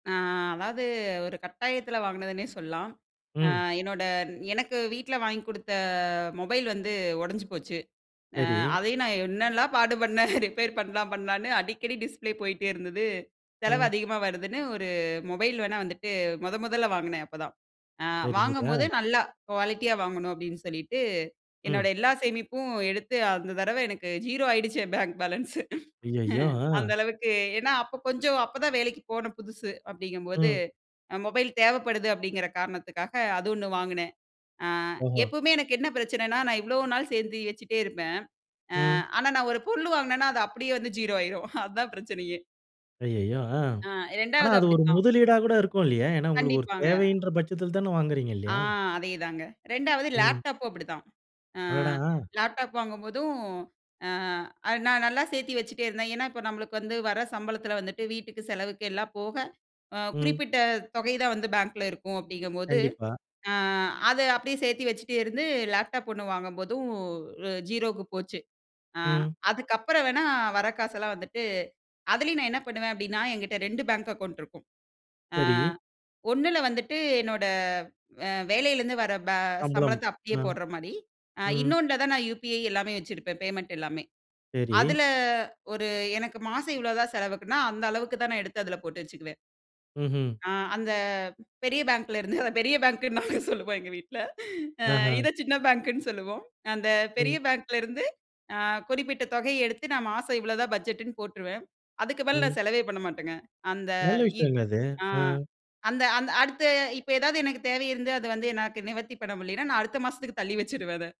அ அதாவது ஒரு கட்டாயத்துல வாங்குனதுன்னே சொல்லாம். அ ம். என்னோட எனக்கு வீட்ல வாங்கிக் குடுத்த மொபைல் வந்து ஒடஞ்சு போச்சு. அ சரி. அதையும் நான் என்னெல்லாம் பாடுபன்னேன் ரிப்பேர் பண்லாம் பண்லான்னு. அடிக்கடி டிஸ்ப்ளே போயிட்டே இருந்தது. செலவு ம். அதிகமா வருதுன்னு 1 மொபைல் வேணா வந்துட்டு மொத மொதல்ல வாங்குனேன் அப்ப தான். அ சரி, சரி. வாங்கும்போது ஆ. நல்லா குவாலிட்டியா வாங்கணும் அப்டின்னு சொல்லிட்டு, என்னோட ம். எல்லா சேமிப்பும் எடுத்து அந்த தடவ எனக்கு 0 ஆயிடுச்சு என் பேங்க் பேலன்ஸ் அய்யயோ! அந்த அ. அளவுக்கு ஏனா அப்ப கொஞ்சம் அப்பதான் வேலைக்கு போன புதுசு, அப்டிங்கும்போது ம். அ மொபைல் தேவப்படுது அப்டிங்கற காரணத்துக்காக அது 1 வாங்குனேன். அ ஓஹோ! எப்பவுமே எனக்கு என்ன பிரச்சனன்னா? நான் இவ்ளோ நாள் சேர்ந்து வச்சுட்டே இருப்பேன். அ ம். ஆனா நான் 1 பொருள் வாங்குனேன்னா அது அப்டியே வந்து 0 ஆயிரும். அதான் பிரச்சனையே ஐய்யயோ! ஆ. அ ஆனா 2வது அது 1 அப்டித்தான். முதலீடா கூட இருக்கும் இல்லையா? ஏனா உங்களுக்கு ஒரு கண்டிப்பாங்க. தேவைன்ற பட்சத்தில தானே வாங்குகிறீங்க ஆ இல்லையாம்? அதேதாங்க. 2வது ம். லேப்டாப்பும் அப்டிதான். ஆ அடடா! அ. லேப்டாப் வாங்கும்போதும், அ அது நான் நல்லா சேர்த்தி வச்சுட்டே இருந்தேன். ஏனா, இப்ப நம்மளுக்கு வந்து வர சம்பளத்துல வந்துட்டு வீட்டுக்கு செலவுக்கு எல்லாம் போக அ ம். குறிப்பிட்ட தொகை தான் வந்து பேங்க்ல இருக்கும் அப்டிங்கும்போது, கண்டிப்பா. ஆ அது அப்டியே சேத்து வச்சுட்டே இருந்து லேப்டாப் 1 வாங்கும்போதும் 0க்கு போச்சு. ஆ ம். அதுக்கப்பறம் வேணா வர காசெல்லாம் வந்துட்டு, அதுலயும் நான் என்ன பண்ணுவேன் அப்டின்னா? என்கிட்ட 2 பேங்க் அக்கவுண்ட் இருக்கும். ஆ சரி. ஒண்ணுல வந்துட்டு என்னோட அ வேலைல இருந்து வர ப சம்பளம். சம்பளத்த அப்டியே அ, போடுற மாரி. அ ம். இன்னொன்னுல தான் நான் யுபிஐ எல்லாமே வச்சிருப்பேன் பேமெண்ட் எல்லாமே. சரி. அதுல 1 எனக்கு மாசம் இவ்ளோ தான் செலவுக்குன்னா அந்த அளவுக்கு தான் நான் எடுத்து அதுல போட்டு வச்சுக்குவேன். ம்ஹ்ம். ஆ அந்த பெரிய பேங்க்லருந்து அத பெரிய பேங்க்ன்னு நாங்க சொல்லுவோம் எங்க வீட்ல. அ ஆஹா! இத சின்ன பேங்க்ன்னு சொல்லுவோம். அந்த பெரிய ம். பேங்க்லருந்து அ குறிப்பிட்ட தொகை எடுத்து நான் மாசம் இவ்ளோ தான் பட்ஜெட்ன்னு போட்ருவேன். அதுக்கு மேல ம். நான் செலவே பண்ண மாட்டேங்க. அந்த நல்ல இ விஷயம்ங்க அது. ஆ, அ. அந்த அந்த அடுத்த இப்ப ஏதாவது எனக்கு தேவை இருந்து, அது வந்து எனக்கு நிவர்த்தி பண்ண முடியலைன்னா நான் அடுத்த மாசத்துக்கு தள்ளி வச்சிருவேன் அத.